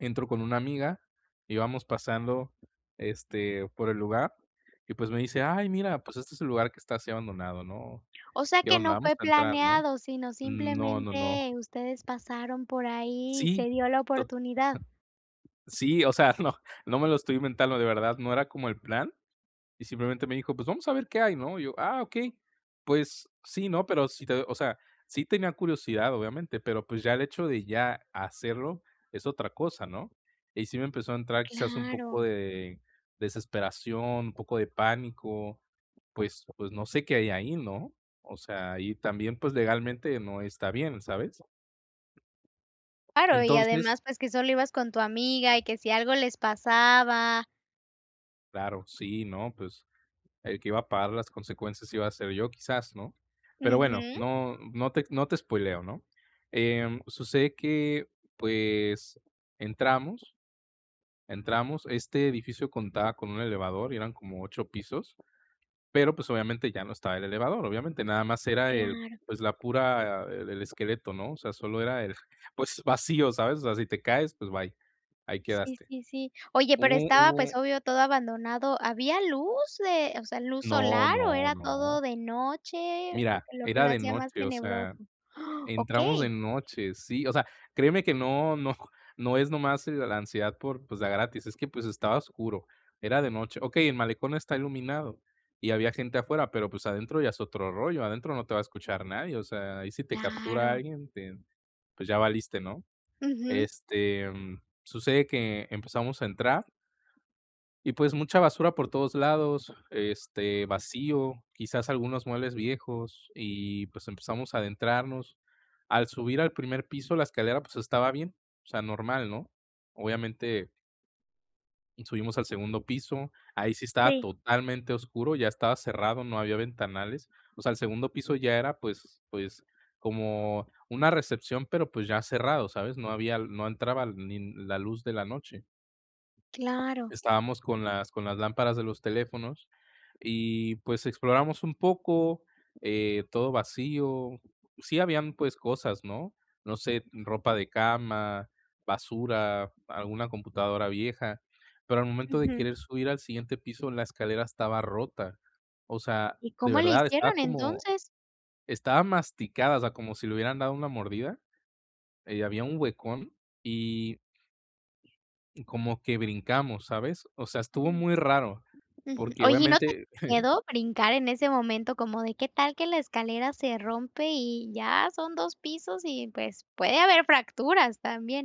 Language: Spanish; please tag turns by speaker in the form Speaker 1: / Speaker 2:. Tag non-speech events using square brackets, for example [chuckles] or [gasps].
Speaker 1: Entro con una amiga, y vamos pasando, este, por el lugar y, pues, me dice: "Ay mira, pues, este es el lugar, que está así abandonado, ¿no?
Speaker 2: O sea,
Speaker 1: ¿Qué
Speaker 2: que
Speaker 1: onda,
Speaker 2: no
Speaker 1: vamos
Speaker 2: fue
Speaker 1: a entrar, no?".
Speaker 2: planeado, sino,
Speaker 1: No, no, no.
Speaker 2: simplemente ustedes pasaron por ahí, y
Speaker 1: Sí,
Speaker 2: se dio la
Speaker 1: tot
Speaker 2: oportunidad.
Speaker 1: [chuckles] Sí, o sea, no no me lo estoy inventando, de verdad ,no era como el plan, y simplemente me dijo: "Pues vamos a ver qué hay, ¿no?". Y yo: "Ah, okey, pues sí, ¿no?". Pero si te o sea, sí tenía curiosidad, obviamente, pero pues, ya el hecho de ya hacerlo es otra cosa, ¿no? Y sí me empezó a entrar, quizás, un poco
Speaker 2: Claro.
Speaker 1: de desesperación, un poco de pánico, pues pues, no sé qué hay ahí, ¿no? O sea, y también, pues legalmente no está bien, ¿sabes?
Speaker 2: Claro, y
Speaker 1: Entonces
Speaker 2: además, pues, que solo ibas con tu amiga y que si algo les pasaba
Speaker 1: Claro, sí, ¿no?, pues, el que iba a pagar las consecuencias, iba a ser yo quizás, ¿no? Pero bueno,
Speaker 2: Ujú.
Speaker 1: no no te ex no te espóileo, ¿no? Em, sucede que, pues, entramos entramos este edificio contaba con un elevador, y eran como 8 pisos, pero, pues, obviamente ya no estaba el elevador, obviamente, nada más era el,
Speaker 2: Claro.
Speaker 1: pues, la pura el el esqueleto, ¿no?, o sea, solo era el, pues, vacío, ¿sabes? O sea, si te caes, pues bye, ahí
Speaker 2: Sí,
Speaker 1: quedaste.
Speaker 2: sí, sí. Oye, pero
Speaker 1: Hubo
Speaker 2: estaba,
Speaker 1: hubo
Speaker 2: pues, obvio, todo abandonado, ¿había luz de o sea, luz
Speaker 1: No,
Speaker 2: solar, o
Speaker 1: no,
Speaker 2: era todo
Speaker 1: no.
Speaker 2: de noche, lo
Speaker 1: Mira,
Speaker 2: q lo que
Speaker 1: era
Speaker 2: lo
Speaker 1: de
Speaker 2: hacía más
Speaker 1: noche, o sea,
Speaker 2: tenebroso? [gasps]
Speaker 1: entramos de
Speaker 2: Okey.
Speaker 1: noche, sí, o sea, créeme que no no no es nomás, eh, la ansiedad por, pues, de a gratis, es que, pues, estaba oscuro, era de noche. Okey, el malecón está iluminado, y había gente afuera, pero, pues, adentro ya es otro rollo, adentro no te va a escuchar nadie, o sea, ahí si te captura
Speaker 2: Claro.
Speaker 1: alguien, te pues, ya valiste, ¿no?
Speaker 2: Ujú.
Speaker 1: Este, mm, sucede que empezamos a entrar y pues, mucha basura por todos lados, este, vacío, quizás algunos muebles viejos, y pues, empezamos a adentrarnos. Al subir al primer piso, la escalera, pues estaba bien, o sea, normal, ¿no? Obviamente subimos al segundo piso, ahí sí estaba
Speaker 2: Sí.
Speaker 1: totalmente oscuro, ya estaba cerrado, no había ventanales. O sea, el segundo piso, ya era pues pues, como una recepción, pero, pues ya cerrado, ¿sabes? No había l no entraban ni la luz de la noche.
Speaker 2: Claro.
Speaker 1: Estábamos, con las con las lámparas de los teléfonos, y pues, exploramos un poco, eh, todo vacío. Sí habían, pues, cosas, ¿no?, no sé, ropa de cama, basura, alguna computadora vieja, pero al momento de
Speaker 2: Ujú.
Speaker 1: querer subir al siguiente piso, la escalera estaba rota. O sea,
Speaker 2: ¿Y
Speaker 1: de
Speaker 2: cómo le
Speaker 1: verdad, estaba
Speaker 2: hicieron
Speaker 1: como
Speaker 2: entonces?
Speaker 1: estaba masticada, o sea, como si le hubieran dado una mordida, eh, y había un huecón y y como que brincamos, ¿sabes? O sea, estuvo
Speaker 2: Mm.
Speaker 1: muy raro,
Speaker 2: Ujú.
Speaker 1: porque
Speaker 2: Oye, ¿y no te
Speaker 1: obviamente
Speaker 2: [unintelligible]
Speaker 1: [chuckles]
Speaker 2: miedo brincar en ese momento?, como, de qué tal, que la escalera se rompe, y ya son 2 pisos, y pues, puede haber fracturas también.